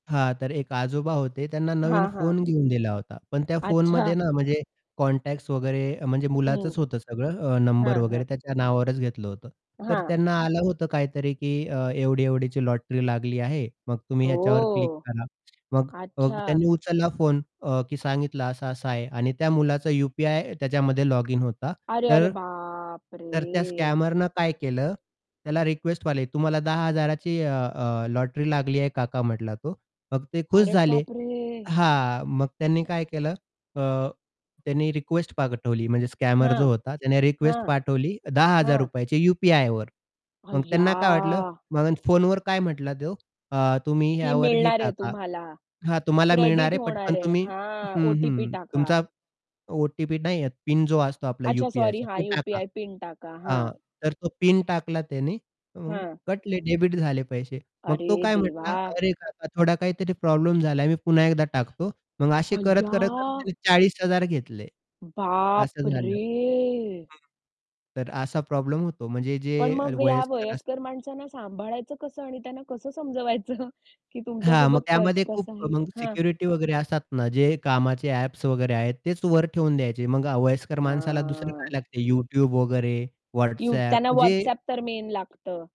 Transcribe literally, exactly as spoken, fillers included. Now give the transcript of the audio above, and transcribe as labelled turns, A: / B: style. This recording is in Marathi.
A: हां, तर एक आजोबा होते त्यांना नवीन
B: हां, हां.
A: फोन घेऊन दिला होता. पण त्या
B: अच्छा.
A: फोनमध्ये ना, म्हणजे कॉन्टॅक्ट्स वगैरे म्हणजे
B: हं.
A: मुलाचंच होतं सगळं अ, नंबर
B: हां,
A: वगैरे
B: हां.
A: त्याच्या नावावरच घेतलं होतं. तर
B: हां.
A: त्यांना आलं होतं काहीतरी की अ, एवढी-एवढीची लॉटरी लागली आहे. मग तुम्ही ह्याच्यावर क्लिक
B: हो.
A: करा. मग
B: अच्छा.
A: त्यांनी उचलला फोन अ, की सांगितलं असा-असा आहे आणि त्या मुलाचा यू-पी-आय त्याच्यामध्ये लॉगिन होता.
B: अरे, अरे
A: तर तर त्या
B: बापरे!
A: स्कॅमरनं काय केलं त्याला रिक्वेस्ट मारली "तुम्हाला दहा हजारा ची अ, अ, लॉटरी लागली आहे काका" म्हटला तो. मग ते खुश
B: अरे
A: झाले.
B: बापरे!
A: हां, मग त्यांनी काय केलं अ, त्यांनी रिक्वेस्ट पाठवली म्हणजे स्कॅमर
B: हां.
A: जो होता त्याने रिक्वेस्ट
B: हां.
A: पाठवली दहा हजार
B: हां.
A: रुपयाची यू-पी-आय वर. मग त्यांना काय वाटलं,
B: अय्या.
A: मग फोन वर काय म्हंटला तो अ, "तुम्ही
B: की
A: ह्यावर हे
B: मिळणारे
A: टाका."
B: तुम्हाला,
A: हां, तुम्हाला मिळणार
B: क्रेडिट
A: आहे पटकन
B: होणार आहे.
A: तुम्ही
B: हां,
A: हं,
B: ओ-टी-पी
A: हं.
B: टाका.
A: तुमचा ओ-टी-पी नाही, पिन जो असतो आपला
B: अच्छा सॉरी
A: यू-पी-आयचा
B: हां,
A: तो टाका.
B: यू-पी-आय पिन टाका, हां.
A: हां, तर तो पिन टाकला त्याने मग
B: हां.
A: कटले डेबिट झाले पैसे. मग तो
B: अरे
A: काय म्हटला
B: देवा!
A: "अरे काका थोडा काहीतरी प्रॉब्लेम झालाय. मी पुन्हा एकदा टाकतो." मग असे करत, करत, करत
B: अय्या!
A: त्याने चाळीस हजार घेतले. असं झालं.
B: बापरे!
A: हं. तर असा प्रॉब्लेम होतो म्हणजे जे
B: पण मग ह्या
A: वयस्कर असतात
B: वयस्कर माणसांना सांभाळायचं कसं आणि त्यांना कसं समजवायचं की तुमच्या
A: हां, मग
B: सोबत क
A: त्यामध्ये खूप
B: कसं आहे?
A: मग
B: हां.
A: सिक्युरिटी वगैरे असतात ना, जे कामाचे ॲप्स वगैरे आहेत तेच वर ठेवून द्यायचे. मग वयस्कर माणसाला दुसरं
B: हां.
A: काय लागते YouTube वगैरे,
B: यू
A: WhatsApp
B: त्यांना
A: म्हणजे
B: WhatsApp तर मेन लागतं.